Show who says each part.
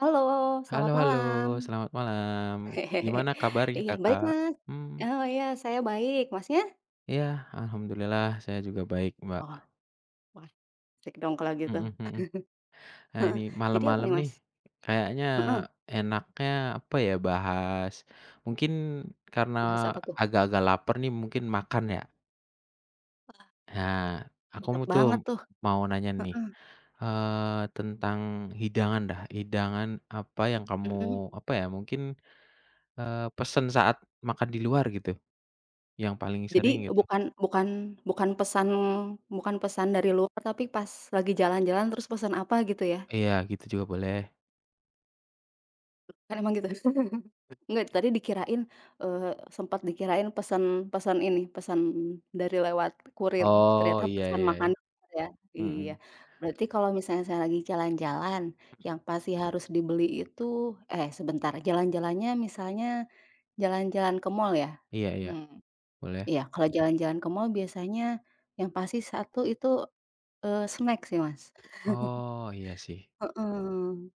Speaker 1: Halo
Speaker 2: Halo,
Speaker 1: selamat
Speaker 2: halo
Speaker 1: malam.
Speaker 2: selamat malam. Gimana kabarnya,
Speaker 1: Iya, baik,
Speaker 2: Kakak?
Speaker 1: Mas.
Speaker 2: Mhm.
Speaker 1: Oh iya, saya baik, Mas nya?
Speaker 2: Iya. Alhamdulillah. Saya juga baik, Mbak.
Speaker 1: Oh, wah cek dong kalo gitu.
Speaker 2: Mhm mhm. Ah ini
Speaker 1: Heeh jadi apa
Speaker 2: malem-malem
Speaker 1: nih, Mas?
Speaker 2: nih kayaknya
Speaker 1: Heeh.
Speaker 2: enaknya apa ya, bahas mungkin karena
Speaker 1: Bahas apa tuh?
Speaker 2: agak-agak laper nih, mungkin makan yak.
Speaker 1: Wah.
Speaker 2: Ha, aku
Speaker 1: Lengkap
Speaker 2: mu tuh.
Speaker 1: banget tuh,
Speaker 2: Mau nanya nih,
Speaker 1: heeh.
Speaker 2: eee, tentang hidangan dah, hidangan apa yang kamu
Speaker 1: Hmm.
Speaker 2: apa ya, mungkin, eee, pesen saat makan di luar gitu, yang paling sering
Speaker 1: Jadi
Speaker 2: gitu?
Speaker 1: bukan bukan bukan pesan bukan pesan dari luar, tapi pas lagi jalan-jalan terus pesan apa, gitu ya?
Speaker 2: Iya gitu juga boleh.
Speaker 1: Kan emang gitu. Enggak, tadi dikirain, eee, sempet dikirain pesen, pesen ini, pesan dari lewat kurir,
Speaker 2: Oh
Speaker 1: ternyata
Speaker 2: iya
Speaker 1: pesan
Speaker 2: iya
Speaker 1: makan
Speaker 2: iya.
Speaker 1: ya, iya.
Speaker 2: Mhm.
Speaker 1: Berarti kalo misalnya saya lagi jalan-jalan, yang pasti harus dibeli itu, eh, sebentar, jalan-jalannya misalnya jalan-jalan ke mal ya?
Speaker 2: Iya iya
Speaker 1: Hmm,
Speaker 2: boleh.
Speaker 1: iya kalau jalan-jalan ke mal biasanya yang pasti satu itu, eee, snack sih, Mas.
Speaker 2: Oh, iya sih.
Speaker 1: Heeh.